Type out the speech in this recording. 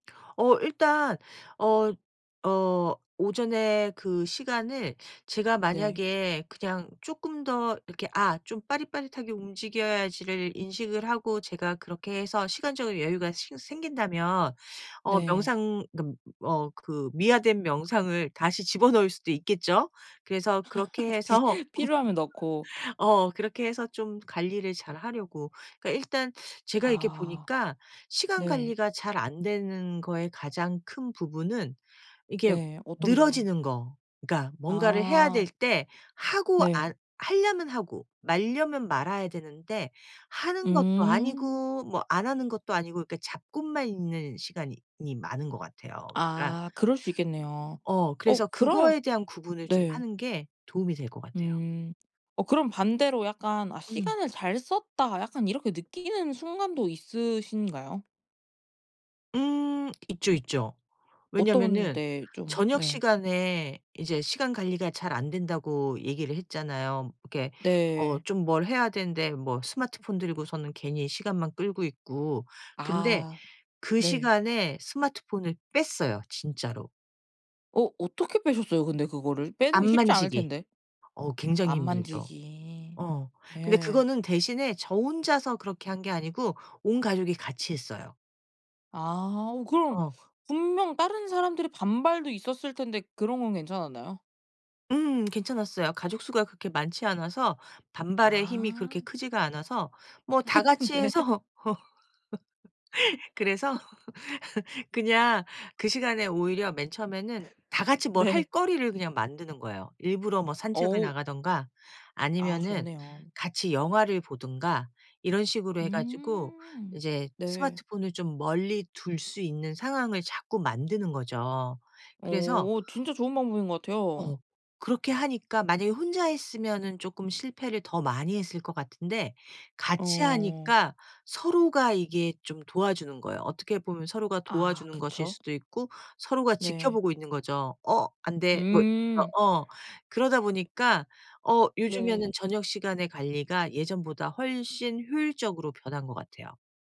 어 일단 어 어 오전에 그 시간을 제가 네. 만약에 그냥 쪼끔 더 이렇게 아 좀 빠릿빠릿하게 움직여야지를 인식을 하고 제가 그렇게 해서 시간적인 여유가 싱 생긴다면 어 네. 명상 어 그 어 그 미화된 명상을 다시 집어넣을 수도 있겠죠. 그래서 그렇게 해서 비 필요하면 넣고. 어 그렇게 해서 좀 관리를 잘하려고. 그러니까 일단 제가 이렇게 아. 보니까 시간 네. 관리가 잘 안 되는 거의 가장 큰 부분은 이렇게 네. 어떤 부분 늘어지는 거. 그러니까 뭔가를 해야 될 아. 때 하고 네. 안 하려면 하고 말려면 말아야 되는데 하는 것도 음. 아니고 뭐 안 하는 것도 아니고 그러니까 잡고만 있는 시간이 이 많은 것 같아요. 그러니까 아 그럴 수 있겠네요. 어 그래서 어 그러면 그거에 대한 구분을 좀 네. 하는 게 도움이 될 것 같아요. 음. 어 그럼 반대로 약간 '아 음. 시간을 잘 썼다.' 약간 이렇게 느끼는 순간도 있으신가요? 음 있죠, 있죠. 어떤 왜냐면은 때에 좀 저녁 네. 시간에 이제 시간 관리가 잘 안 된다고 얘기를 했잖아요. 이렇게 어 네. 좀 뭘 해야 되는데 뭐 스마트폰 들고서는 괜히 시간만 끌고 있고. 근데 아. 그 네. 시간에 스마트폰을 뺐어요, 진짜로. 어 어떻게 빼셨어요, 근데 그거를? 빼는 안 게 쉽지 않을 만지기. 텐데. 어 굉장히 안 힘들죠. 만지기. 어. 근데 예. 그거는 대신에 저 혼자서 그렇게 한 게 아니고 온 가족이 같이 했어요. 아. 어 그럼 어. 분명 다른 사람들의 반발도 있었을 텐데 그런 건 괜찮았나요? 음 괜찮았어요. 가족 수가 그렇게 많지 않아서 반발의 힘이 그렇게 아. 크지가 않아서 뭐 다 같이 네. 해서. 그래서 그냥 그 시간에 오히려 맨 처음에는 다 같이 뭘 할 네. 거리를 그냥 만드는 거예요. 일부러 뭐 산책을 어. 나가든가 아 아니면은 좋네요. 같이 영화를 보든가 이런 식으로 해 가지고 음. 이제 네. 스마트폰을 좀 멀리 둘 수 있는 상황을 자꾸 만드는 거죠. 그래서 오 진짜 좋은 방법인 것 같아요. 어. 그렇게 하니까 만약에 혼자 했으면은 쪼끔 실패를 더 많이 했을 것 같은데 같이 어. 하니까 서로가 이게 좀 도와주는 거예요. 어떻게 보면 서로가 아 도와주는 것일 그쵸. 수도 있고 서로가 네. 지켜보고 있는 거죠. "어 안돼." 뭐 저 음. 어. 그러다 보니까 어 요즘에는 네. 저녁 시간의 관리가 예전보다 훨씬 효율적으로 변한 것 같아요.